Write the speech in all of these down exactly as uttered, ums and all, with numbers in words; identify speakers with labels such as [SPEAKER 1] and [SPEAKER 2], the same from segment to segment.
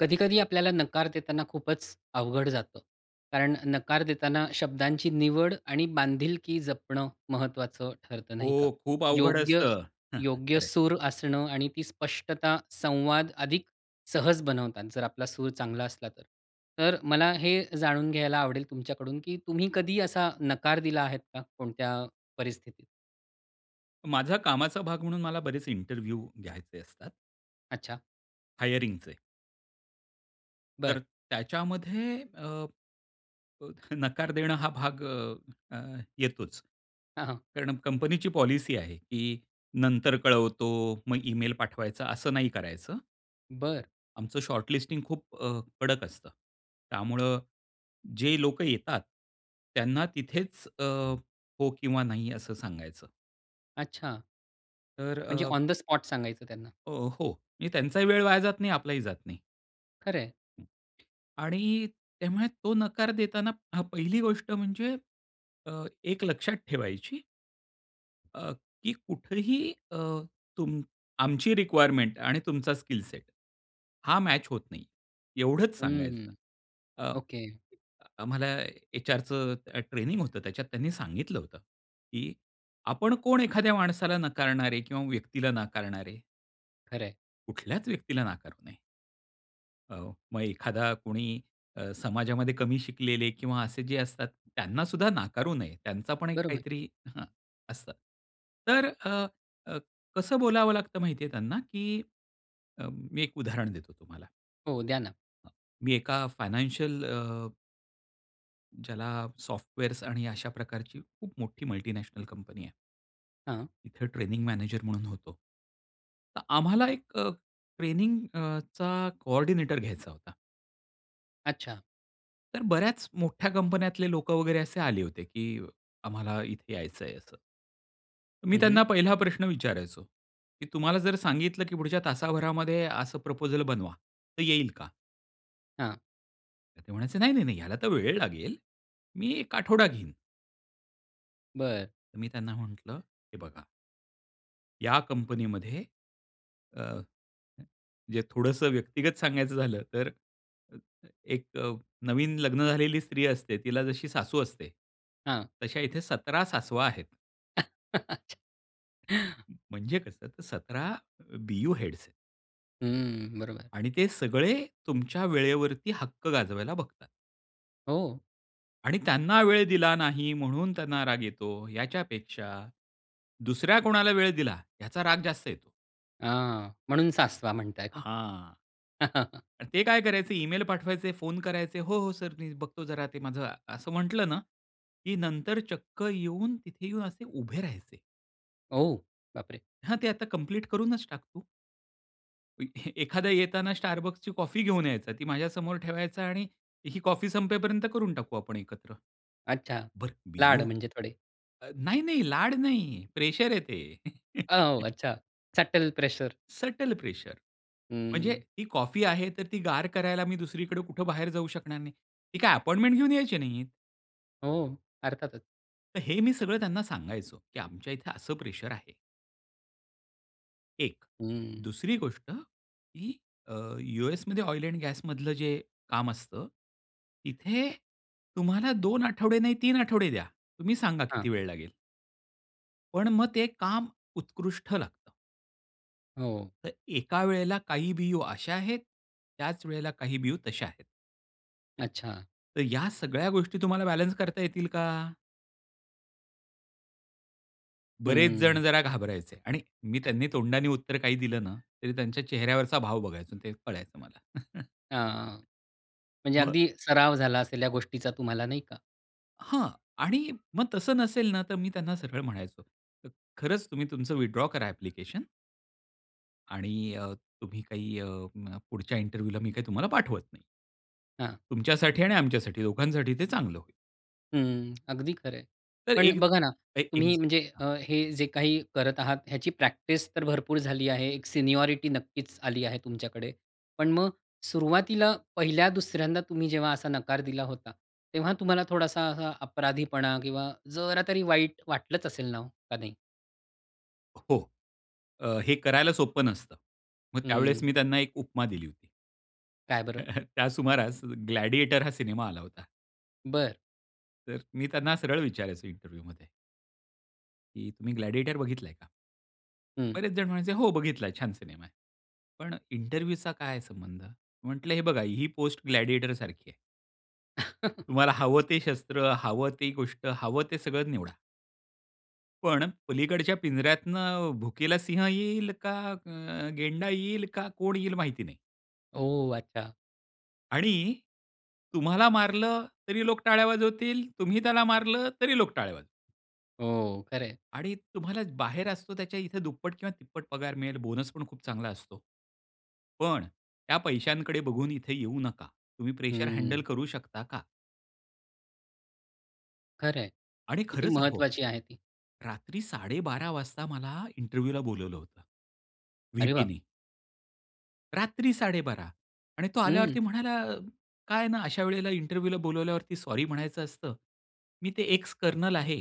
[SPEAKER 1] कधी-कधी आपल्याला नकार देताना खूपच अवघड जातं. कारण नकार देताना शब्दांची निवड आणि बांधिलकी जपणं महत्त्वाचं ठरतं, नाही का?
[SPEAKER 2] हो खूप अवघड
[SPEAKER 1] योग्य,
[SPEAKER 2] असतं.
[SPEAKER 1] योग्य
[SPEAKER 2] खंर आहे.
[SPEAKER 1] सूर असणं आणि ती स्पष्टता संवाद अधिक सहज बनवतात, जर आपला सूर चांगला असला तर. तर मला हे जाणून घ्यायला आवडेल तुमच्याकडून की तुम्ही कधी असा नकार दिला आहे का? कोणत्या परिस्थितीत?
[SPEAKER 2] माझ्या कामाचा भाग म्हणून मला बरेच इंटरव्ह्यू घ्यायचे असतात.
[SPEAKER 1] अच्छा.
[SPEAKER 2] हायरिंगचे. तर
[SPEAKER 1] बरं.
[SPEAKER 2] त्याच्यामध्ये अ, नकार देणं हा भाग अ, अ, येतोच.
[SPEAKER 1] हां, हां.
[SPEAKER 2] कारण कंपनीची पॉलिसी आहे की "नंतर कळवतो," मग इमेल पाठवायचा असं नाही करायचं.
[SPEAKER 1] बरं.
[SPEAKER 2] आमचं शॉर्टलिस्टिंग खूप अ, कडक असतं. त्यामुळे जे लोक येतात, त्यांना तिथेच अ, हो किंवा नाही असं सांगायचं.
[SPEAKER 1] अच्छा.
[SPEAKER 2] तर
[SPEAKER 1] म्हणजे
[SPEAKER 2] अ
[SPEAKER 1] ऑन द स्पॉट सांगायचं त्यांना.
[SPEAKER 2] अ, हो म्हणजे त्यांचाही वेळ वाया जात नाही, आपलाही जात नाही.
[SPEAKER 1] खरं आहे.
[SPEAKER 2] आणि त्यामुळे तो नकार देताना हा पहिली गोष्ट म्हणजे अ, एक लक्षात ठेवायची. अ, की कुठेही अ, तुम आमची रिक्वायरमेंट आणि तुमचा स्किल सेट हा मॅच होत नाही, एवढंच सांगायचं.
[SPEAKER 1] हं.
[SPEAKER 2] अ,
[SPEAKER 1] ओके.
[SPEAKER 2] आम्हाला एचआरचं अ, ट्रेनिंग होतं त्याच्यात त्यांनी सांगितलं होतं, की आपण कोण एखाद्या माणसाला नाकारणारे किंवा व्यक्तीला नाकारणारे?
[SPEAKER 1] खरं आहे.
[SPEAKER 2] कुठल्याच व्यक्तीला नाकारू नये. हो, मग एखादा कोणी अ, समाजामध्ये कमी शिकलेले किंवा असे जे असतात त्यांना सुद्धा नाकारू नये. त्यांचा पण एक
[SPEAKER 1] बरोबर.
[SPEAKER 2] काहीतरी असतं. तर अ, अ, कसं बोलावं लागतं माहिती आहे त्यांना? की अ, मी एक उदाहरण देतो तुम्हाला.
[SPEAKER 1] हो, द्या ना.
[SPEAKER 2] अ, मी एका फायनान्शियल अ, ज्याला सॉफ्टवेअर्स आणि अशा प्रकारची खूप मोठी मल्टिनॅशनल कंपनी आहे.
[SPEAKER 1] हां.
[SPEAKER 2] तिथं ट्रेनिंग मॅनेजर म्हणून होतो. तर आम्हाला एक अ, ट्रेनिंग अ, चा कोऑर्डिनेटर घ्यायचा होता.
[SPEAKER 1] अच्छा.
[SPEAKER 2] तर बऱ्याच मोठ्या कंपन्यातले लोक वगैरे असे आले होते की आम्हाला इथे यायचंय असं. मी
[SPEAKER 1] हं, हं.
[SPEAKER 2] त्यांना पहिला प्रश्न विचारायचो की "तुम्हाला जर सांगितलं की पुढच्या तासाभरामध्ये असं प्रपोजल बनवा, तर येईल का?"
[SPEAKER 1] हां.
[SPEAKER 2] तर ते म्हणायचे, "नाही, नाही, नाही, ह्याला तर वेळ लागेल, मी एक आठवडा घेईन."
[SPEAKER 1] बरं.
[SPEAKER 2] तर मी त्यांना म्हटलं, "हे बघा" या कंपनीमध्ये अ म्हणजे थोडंसं व्यक्तिगत सांगायचं झालं, तर अ, अ, एक अ, नवीन लग्न झालेली स्त्री असते तिला जशी सासू असते,
[SPEAKER 1] हां.
[SPEAKER 2] तशा इथे सतरा सासवा आहेत. म्हणजे कसं तर सतरा अ, बीओ हेड्स आहेत.
[SPEAKER 1] हं, बरोबर.
[SPEAKER 2] आणि ते सगळे तुमच्या वेळेवरती हक्क गाजवायला बघतात.
[SPEAKER 1] हो.
[SPEAKER 2] आणि त्यांना वेळ दिला नाही म्हणून त्यांना राग येतो, याच्यापेक्षा दुसऱ्या कोणाला वेळ दिला याचा राग जास्त येतो.
[SPEAKER 1] हां, म्हणून सासवा म्हणताय का?
[SPEAKER 2] हां. आणि ते काय करायचे ईमेल पाठवायचे, फोन करायचे, "हो, हो, सर मी बघतो, जरा ते माझं" असं म्हटलं ना, की नंतर चक्क येऊन तिथे येऊन असे उभे राहायचे.
[SPEAKER 1] ओ! बापरे!
[SPEAKER 2] हां, ते आता कंप्लीट करूनच टाक तू. [unintelligible] एखादा येताना Starbucksची कॉफी घेऊन यायचा, ती माझ्यासमोर ठेवायचा आणि ही कॉफी संपेपर्यंत करून टाकू आपण एकत्र.
[SPEAKER 1] अच्छा,
[SPEAKER 2] बरं
[SPEAKER 1] लाड
[SPEAKER 2] बियू
[SPEAKER 1] म्हणजे थोडे.
[SPEAKER 2] अ, नाही-नाही लाड नाही, प्रेशर आहे ते.
[SPEAKER 1] अ, अच्छा, सटल प्रेशर.
[SPEAKER 2] सटल प्रेशर, म्हणजे
[SPEAKER 1] हं.
[SPEAKER 2] ती कॉफी आहे तर ती गार करायला मी दुसरीकडे कुठे बाहेर जाऊ शकणार नाही. ती काय अपॉइंटमेंट घेऊन यायची नाहीत.
[SPEAKER 1] हो, अर्थातच.
[SPEAKER 2] तर हे मी सगळं त्यांना सांगायचो, की "आमच्या इथे असं प्रेशर आहे." एक,
[SPEAKER 1] हं.
[SPEAKER 2] दुसरी गोष्ट, की अ, यू एसमध्ये ऑइल एंड गॅसमधलं जे काम असतं, इथे तुम्हाला दोन आठवडे नाही तीन आठवडे द्या. तुम्ही सांगा
[SPEAKER 1] हां.
[SPEAKER 2] किती वेळ लागेल? पण मग ते काम उत्कृष्ट लागतं.
[SPEAKER 1] हो.
[SPEAKER 2] तर एका वेळेला काही बियू अशा आहेत, त्याच वेळेला काही बियू तशा आहेत.
[SPEAKER 1] अच्छा.
[SPEAKER 2] तर या सगळ्या गोष्टी तुम्हाला बॅलन्स करता येतील का? बरेच जण
[SPEAKER 1] हं.
[SPEAKER 2] जरा घाबरायचे आणि मी त्यांनी तोंडाने उत्तर दिलं ना, तरी त्यांच्या चेहऱ्यावरचा भाव बघायचो आणि ते कळायचं मला.
[SPEAKER 1] हां, म्हणजे
[SPEAKER 2] मग
[SPEAKER 1] अगदी सराव झाला असेल या गोष्टीचा तुम्हाला, नाही का?
[SPEAKER 2] हां आणि मग तसं नसेल ना तर मी त्यांना सरळ म्हणायचो, "ख खरंच तुम्ही तुमचं विथड्रॉ करा ॲप्लिकेशन." आणि अ, तुम्ही काही अ, म पुढच्या इंटरव्ह्यूला मी काही तुम्हाला पाठवत नाही.
[SPEAKER 1] हां.
[SPEAKER 2] तुमच्यासाठी आणि आमच्यासाठी दोघांसाठी ते चांगलं होईल.
[SPEAKER 1] हं, अगदी खरं आहे.
[SPEAKER 2] तर
[SPEAKER 1] पण
[SPEAKER 2] एक
[SPEAKER 1] बघा ना,
[SPEAKER 2] एक
[SPEAKER 1] तुम्ही
[SPEAKER 2] एगस्
[SPEAKER 1] म्हणजे
[SPEAKER 2] हं.
[SPEAKER 1] अ, हे जे काही करत आहात ह्याची प्रॅक्टिस तर भरपूर झाली आहे. एक सिनियॉरिटी नक्कीच आली आहे तुमच्याकडे. पण मग सुरुवातीला पहिल्या दुसऱ्यांदा तुम्ही जेव्हा असा नकार दिला होता, तेव्हा तुम्हाला थोडासा असा अपराधीपणा किंवा जरा तरी वाईट वाटलंच असेल ना हो, का नाही?
[SPEAKER 2] हो, अ, हे करायला सोपं नसतं. मग त्यावेळेस
[SPEAKER 1] हं.
[SPEAKER 2] मी त्यांना एक उपमा दिली होती.
[SPEAKER 1] काय बरं?
[SPEAKER 2] त्या सुमारास ग्लॅडिएटर हा सिनेमा आला होता.
[SPEAKER 1] बरं.
[SPEAKER 2] तर मी त्यांना सरळ विचारायचो इंटरव्ह्यूमध्ये. की "तुम्ही ग्लॅडिएटर बघितलंय का?"
[SPEAKER 1] हं.
[SPEAKER 2] बरेच जण म्हणायचे, "हो बघितला छान सिनेमा आहे. पण इंटरव्ह्यूचा काय संबंध." म्हंटलं, "हे बघा ही पोस्ट ग्लॅडिएटर सारखी आहे." तुम्हाला हवं ते शस्त्र, हवं ती गोष्ट हवं ते सगळं निवडा. पण पलीकडच्या पिंजऱ्यातनं भुकेला सिंह येईल, का अ, गेंडा येईल, का कोण येईल माहिती नाही.
[SPEAKER 1] ओह! अच्छा.
[SPEAKER 2] आणि तुम्हाला मारलं, तरी लोक टाळ्या वाजवतील, तुम्ही त्याला मारलं, तरी लोक टाळ्या वाजवतील.
[SPEAKER 1] हो, खरं आहे.
[SPEAKER 2] आणि तुम्हाला बाहेर असतो त्याच्या इथं दुप्पट किंवा तिप्पट पगार मिळेल, बोनस पण खूप चांगला असतो. पण त्या पैशांकडे बघून इथे येऊ नका. तुम्ही प्रेशर हँडल
[SPEAKER 1] हम्म.
[SPEAKER 2] करू शकता का?
[SPEAKER 1] खरंय.
[SPEAKER 2] आणि
[SPEAKER 1] किती
[SPEAKER 2] खरंच अहो,
[SPEAKER 1] महत्वाची आहे ती.
[SPEAKER 2] रात्री साडेबारा वाजता मला इंटरव्ह्यूला बोलावलं होतं!
[SPEAKER 1] अरे बाप
[SPEAKER 2] व्हीपीने. रात्री साडेबारा! आणि तो आल्यावरती
[SPEAKER 1] हं!
[SPEAKER 2] म्हणाला, "काय आहे ना, अशा वेळेला इंटरव्ह्यूला बोलावल्यावरती सॉरी म्हणायचं असतं. मी ते एक्स कर्नल आहे,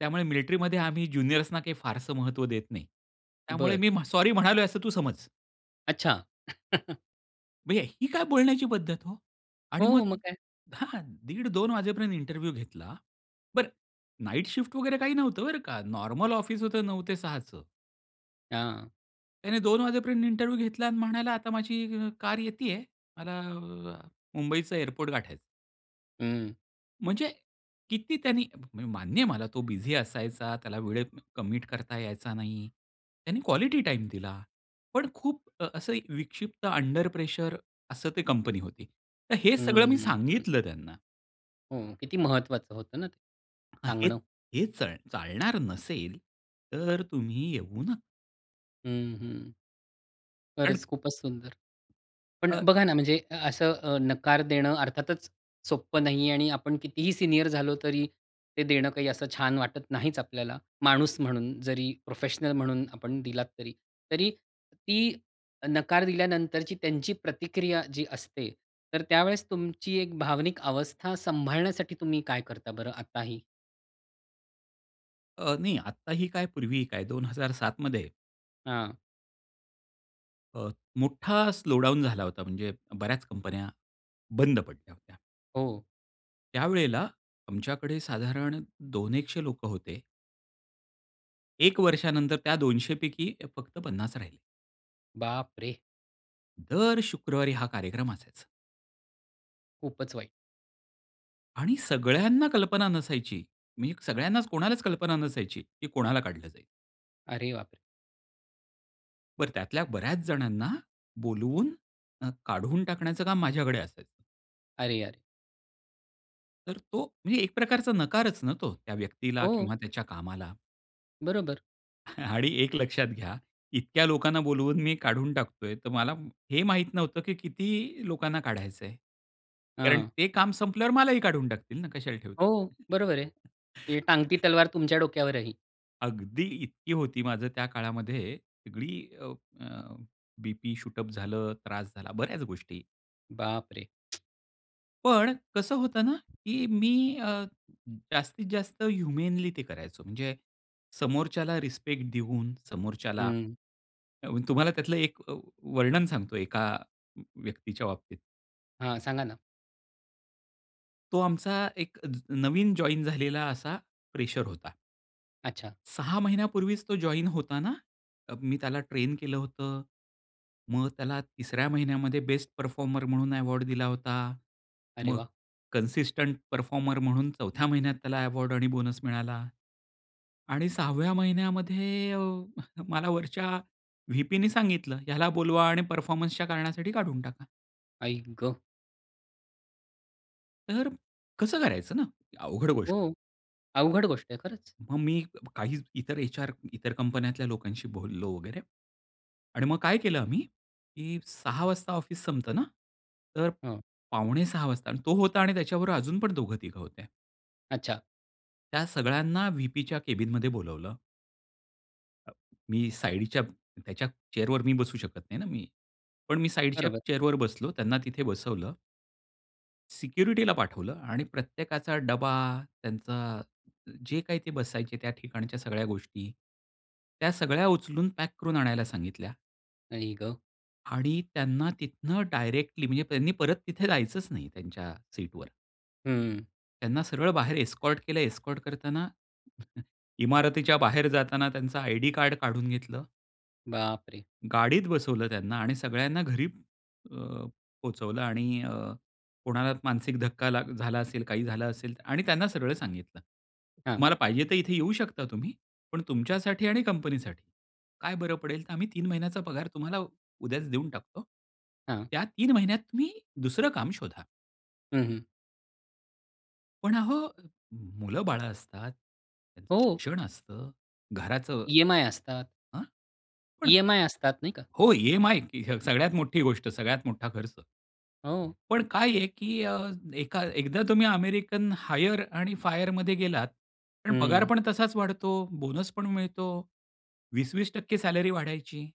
[SPEAKER 2] त्यामुळे मिलिट्रीमध्ये आम्ही ज्युनियर्सना काही फारसं महत्त्व देत नाही. त्यामुळे
[SPEAKER 1] बरं.
[SPEAKER 2] मी म्ह सॉरी म्हणालोय असं तू समज!"
[SPEAKER 1] अच्छा.
[SPEAKER 2] म्हणजे ही काय बोलण्याची पद्धत हो! आणि
[SPEAKER 1] हो
[SPEAKER 2] मग
[SPEAKER 1] मग काय!
[SPEAKER 2] हां, दीड दोन वाजेपर्यंत इंटरव्ह्यू घेतला. बरं, नाईट शिफ्ट वगैरे काही नव्हतं बरं का! नॉर्मल ऑफिस होतं नऊ ते सहाचं.
[SPEAKER 1] हां.
[SPEAKER 2] त्याने दोन वाजेपर्यंत इंटरव्ह्यू घेतला अन् म्हणाला, "आता माझी अ, कार येती आहे. मला अ, मुंबईचा एअरपोर्ट गाठायचं."
[SPEAKER 1] हं.
[SPEAKER 2] म्हणजे किती त्यांनी म्हणजे मान्य आहे मला तो बिझी असायचा, त्याला वेळेत कमिट करता यायचा नाही, त्यांनी क्वालिटी टाईम दिला, पण खूप अ, असं एक विक्षिप्त अंडर प्रेशर असं ते कंपनी होती, तर हे सगळं मी
[SPEAKER 1] हं, हं.
[SPEAKER 2] सांगितलं त्यांना.
[SPEAKER 1] हो, किती महत्वाचं होतं ना,
[SPEAKER 2] अ, हेच
[SPEAKER 1] सांगणं.
[SPEAKER 2] हेच चाल चालणार नसेल तर तुम्ही येऊ न
[SPEAKER 1] हं, हं.
[SPEAKER 2] अन्
[SPEAKER 1] खरंच खूपच सुंदर. पण
[SPEAKER 2] अ
[SPEAKER 1] बघा ना, म्हणजे असं अ, नकार देणं अर्थातच सोप्पं नाही आहे आणि आपण कितीही सीनियर झालो तरी ते देणं काही असं छान वाटत नाहीच आपल्याला. माणूस म्हणून जरी प्रोफेशनल म्हणून आपण दिलात, तरी तरी ती नकार दिल्यानंतरची त्यांची प्रतिक्रिया जी असते. तर त्यावेळेस तुमची एक भावनिक अवस्था सांभाळण्यासाठी तुम्ही काय करता बरं आताही?
[SPEAKER 2] अ, नाही आत्ताही काय पूर्वीही काय दोन हजार सात मध्ये
[SPEAKER 1] हां.
[SPEAKER 2] अ, मोठा स्लो डाउन झाला होता. म्हणजे बऱ्याच कंपन्या, बंद पडल्या होत्या.
[SPEAKER 1] हो.
[SPEAKER 2] त्यावेळेला आमच्याकडे साधारण दोन एकशे लोकं होते. एक वर्षा नंतर त्या दोनशे पैकी फक्त पन्नास राहिले.
[SPEAKER 1] बापरे!
[SPEAKER 2] दर ,शुक्रवारी हा कार्यक्रम असायचा.
[SPEAKER 1] खूपच वाईट.
[SPEAKER 2] आणि सगळ्यांना कल्पना नसायची. मी सगळ्यांनाच, कोणालाच कल्पना नसायची की कोणाला काढलं जाईल.
[SPEAKER 1] अरे बाप रे!
[SPEAKER 2] बरं त्यातल्या बऱ्याच जणांना बोलवून, न् काढून टाकण्याचं काम माझ्याकडे असायचं.
[SPEAKER 1] अरे यार!
[SPEAKER 2] तर तो म्हणजे एक प्रकारचा नकारच न तो, त्या व्यक्तीला
[SPEAKER 1] हो.
[SPEAKER 2] किंवा त्याच्या कामाला.
[SPEAKER 1] बरोबर.
[SPEAKER 2] आणि एक लक्षात घ्या इतक्या लोकांना बोलवून मी काढून टाकतोय, तर मला हे माहीत नव्हतं की किती लोकांना काढायचंय. कारण
[SPEAKER 1] हां.
[SPEAKER 2] ते काम संपल्यावर मलाही काढून टाकतील ना, कशाला
[SPEAKER 1] हो.
[SPEAKER 2] ठेवतील?
[SPEAKER 1] बरोबर आहे. ही टांगती तलवार तुमच्या डोक्यावरही.
[SPEAKER 2] अगदी इतकी होती माझं त्या काळामध्ये, सगळी अ, अ, बी-पी शूट अप झालं, त्रास झाला, बऱ्याच गोष्टी.
[SPEAKER 1] बाप रे!
[SPEAKER 2] पण कसं होतं ना की मी अ, जास्तीत जास्त ह्युमेनली ते करायचो. म्हणजे समोरच्याला रिस्पेक्ट देऊन समोरच्याला
[SPEAKER 1] हं.
[SPEAKER 2] तुम्हाला त्यातलं एक अ, वर्णन सांगतो एका व्यक्तीच्या बाबतीत.
[SPEAKER 1] हां, सांगा ना.
[SPEAKER 2] तो आमचा एक ज नवीन जॉइन झालेला असा फ्रेशर होता.
[SPEAKER 1] अच्छा.
[SPEAKER 2] सहा महिन्यापूर्वीच तो जॉइन होताना अ, मी त्याला ट्रेन केलं होतं, मग त्याला तिसऱ्या महिन्यामध्ये बेस्ट परफॉर्मर म्हणून अवॉर्ड दिला होता.
[SPEAKER 1] अरे
[SPEAKER 2] मग
[SPEAKER 1] वाह!
[SPEAKER 2] कन्सिस्टंट परफॉर्मर म्हणून चौथ्या महिन्यात त्याला अवॉर्ड आणि बोनस मिळाला. आणि सहा व्या महिन्यामध्ये अ, मला वरच्या व्हीपीनी सांगितलं, "ह्याला बोलवा आणि परफॉर्मन्सच्या कारणासाठी काढून टाका."
[SPEAKER 1] आई ग!
[SPEAKER 2] तर, कसं करायचं ना? अवघड गोष्ट आहे.
[SPEAKER 1] हो, अवघड गोष्ट आहे, खरंच.
[SPEAKER 2] मग मी काही ज इतर एचआर इतर कंपन्यातल्या लोकांशी बोललो वगैरे आणि मग काय केलं आम्ही की सहा वाजता ऑफिस संपतं ना, तर
[SPEAKER 1] हो.
[SPEAKER 2] पावणे सहा वाजता अन् तो होता आणि त्याच्याबरोबर अजून पण दोघं-तिघं होत्या.
[SPEAKER 1] अच्छा.
[SPEAKER 2] त्या सगळ्यांना व्हीपीच्या कॅबिनमध्ये बोलावलं. मी साइडच्या त्याच्या चेअरवर मी बसू शकत नाही ना मी, पण मी साइडच्या
[SPEAKER 1] बरोबर.
[SPEAKER 2] चेअरवर बसलो, त्यांना तिथे बसवलं. सिक्युरिटीला पाठवलं आणि प्रत्येकाचा डबा, त्यांचा जे काही ते बसायचे त्या ठिकाणच्या सगळ्या गोष्टी, त्या सगळ्या उचलून पॅक करून आणायला सांगितल्या.
[SPEAKER 1] आई गं!
[SPEAKER 2] आणि त्यांना तिथनं डायरेक्टली म्हणजे त्यांनी परत तिथे जायचंच नाही त्यांच्या सीटवर.
[SPEAKER 1] हं.
[SPEAKER 2] त्यांना सरळ बाहेर एस्कॉर्ट केलं. एस्कॉर्ट करतांना इमारतीच्या बाहेर जाताना त्यांचं आयडी कार्ड काढून घेतलं.
[SPEAKER 1] बापरे!
[SPEAKER 2] गाडीत बसवलं त्यांना आणि सगळ्यांना घरी अ, पोहोचवलं आणि अ, कोणाला मानसिक धक्का ला झाला असेल, काही झालं असेल आणि त्यांना सगळं सांगितलं,
[SPEAKER 1] हां.
[SPEAKER 2] "तुम्हाला पाहिजे तर इथे येऊ शकता तुम्ही, पण तुमच्यासाठी आणि कंपनीसाठी काय बरं पडेल तर आम्ही तीन महिन्याचा पगार तुम्हाला उद्याच देऊन टाकतो,
[SPEAKER 1] हां.
[SPEAKER 2] त्या तीन महिन्यात तुम्ही दुसरं काम शोधा."
[SPEAKER 1] हं, हं.
[SPEAKER 2] पण अहो, मुलं बाळ असतात, त्यांचं
[SPEAKER 1] हो.
[SPEAKER 2] शिक्षण असतं, घराचं
[SPEAKER 1] ई-एम-आय असतात.
[SPEAKER 2] अ? पण
[SPEAKER 1] ई-एम-आय असतात नाही का?
[SPEAKER 2] हो, ई-एम-आय ही सगळ्यात मोठी गोष्ट, सगळ्यात मोठा खर्च.
[SPEAKER 1] हो.
[SPEAKER 2] पण काय आहे की अ, एका एकदा तुम्ही अमेरिकन हायर आणि फायरमध्ये गेलात, पण पगार
[SPEAKER 1] हं.
[SPEAKER 2] पण तसाच वाढतो, बोनस पण मिळतो. वीस वीस टक्के सॅलरी वाढायची.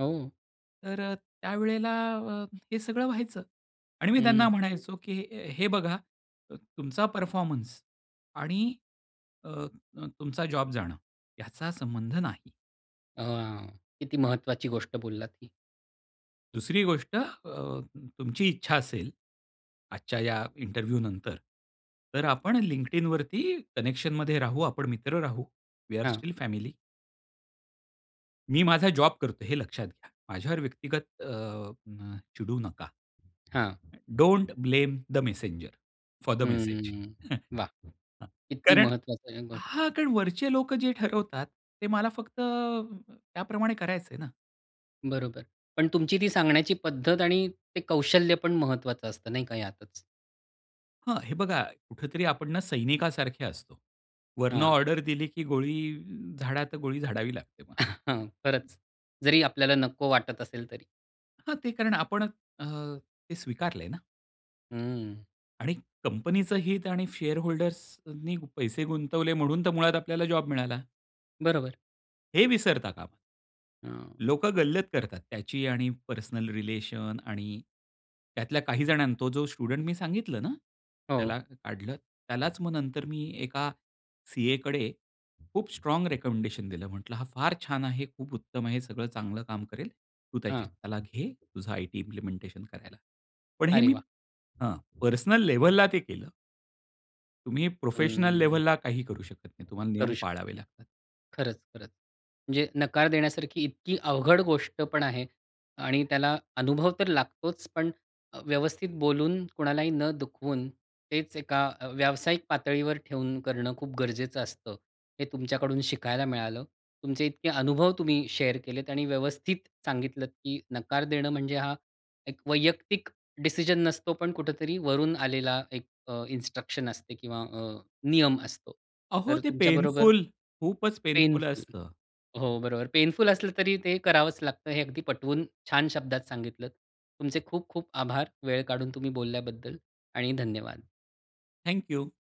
[SPEAKER 1] हो.
[SPEAKER 2] तर अ, त्यावेळेला अ, हे सगळं व्हायचं आणि मी त्यांना
[SPEAKER 1] हं.
[SPEAKER 2] म्हणायचो, की "हे बघा, अ, तुमचा परफॉर्मन्स आणि अ, अ, तुमचा जॉब जाणं याचा संबंध नाही."
[SPEAKER 1] अ, हां, किती महत्वाची गोष्ट बोललात ही.
[SPEAKER 2] दुसरी गोष्ट अ, तु तुमची इच्छा असेल, आजच्या या इंटरव्ह्यू नंतर तर आपण LinkedInवरती कनेक्शनमध्ये राहू, आपण मित्र राहू. वी आर
[SPEAKER 1] हां.
[SPEAKER 2] Still family. मी माझा जॉब करतोय हे लक्षात घ्या. माझ्यावर व्यक्तिगत अ, म चिडू नका.
[SPEAKER 1] हां.
[SPEAKER 2] अ, don't blame the messenger, for the message.
[SPEAKER 1] हं, वा!
[SPEAKER 2] हां,
[SPEAKER 1] किती
[SPEAKER 2] कारण
[SPEAKER 1] महत्वाच [unintelligible] गोष्ट.
[SPEAKER 2] हां, कारण वरचे लोक जे ठरवतात, ते मला फक्त त्याप्रमाणे करायचंय ना.
[SPEAKER 1] बरोबर, पण तुमची ती सांगण्याची पद्धत आणि ते कौशल्य पण महत्वाचं असतं नाही का यातच.
[SPEAKER 2] हां, हे बघा कुठेतरी आपण ना, सैनिकासारखे असतो. वरनं
[SPEAKER 1] हां.
[SPEAKER 2] ऑर्डर दिली की गोळी झाडा तर गोळी झाडावी लागते मग.
[SPEAKER 1] हां, खरंच. जरी आपल्याला नको वाटत असेल तरी.
[SPEAKER 2] हां, ते कारण आपण अ, ते स्वीकारलंय ना.
[SPEAKER 1] अ, हं.
[SPEAKER 2] आणि कंपनीचं हित आणि शेअर होल्डर्सनी पैसे गुंतवले म्हणून तर मुळात आपल्याला जॉब मिळाला.
[SPEAKER 1] बरोबर.
[SPEAKER 2] हे विसरता कामा
[SPEAKER 1] हां.
[SPEAKER 2] लोकं गल्लत करतात त्याची आणि पर्सनल रिलेशन आणि त्यातल्या काही जणांना तो जो स्टुडंट मी सांगितलं ना, त्याला
[SPEAKER 1] हो.
[SPEAKER 2] काढलं. त्यालाच मग नंतर मी एका सी.ए. कडे खूप स्ट्राँग रिकमेंडेशन दिलं. म्हटलं, "हा फार छान आहे, खूप उत्तम आहे, सगळं चांगलं काम करेल. तू त्याची
[SPEAKER 1] हां.
[SPEAKER 2] त्याला घे. तुझं आयटी इम्प्लिमेंटेशन करायला." पण हे
[SPEAKER 1] अरे
[SPEAKER 2] मी
[SPEAKER 1] वा!
[SPEAKER 2] हां, पर्सनल लेव्हलला ते केलं. तुम्ही
[SPEAKER 1] अं,
[SPEAKER 2] प्रोफेशनल
[SPEAKER 1] हं.
[SPEAKER 2] लेव्हलला काही करू शकत नाही. तुम्हाला नियम
[SPEAKER 1] करू शकत
[SPEAKER 2] पाळावे
[SPEAKER 1] नाही.
[SPEAKER 2] लागतात.
[SPEAKER 1] खरंच, खरंच. म्हणजे नकार देण्यासारखी इतकी अवघड गोष्ट पण आहे. आणि त्याला अनुभव तर लागतोच पण अ, व्यवस्थित बोलून, कोणालाही न दुखवून, तेच एका अ, व्यावसायिक पातळीवर ठेवून करणं खूप गरजेचं असतं. हे तुमच्याकडून शिकायला मिळालं. तुमचे इतके अनुभव तुम्ही शेअर केलेत आणि व्यवस्थित सांगितलत की नकार देणं म्हणजे हा एक वैयक्तिक डिसिजन नसतो, पण कुठेतरी वरून आलेला एक अ, इन्स्ट्रक्शन असते किंवा अ, नियम असतो.
[SPEAKER 2] अहो
[SPEAKER 1] तर
[SPEAKER 2] ते
[SPEAKER 1] तुमच्याबरोबर
[SPEAKER 2] पेनफुल, खूपच पेनफुल
[SPEAKER 1] पेनफुल.
[SPEAKER 2] असतं.
[SPEAKER 1] हो, बरोबर. पेनफुल असलं तरी ते करावंच लागतं हे अगदी पटवून छान शब्दात सांगितलं. तुमचे खूप खूप आभार, वेळ काढून तुम्ही बोलल्याबद्दल आणि धन्यवाद.
[SPEAKER 2] Thank you.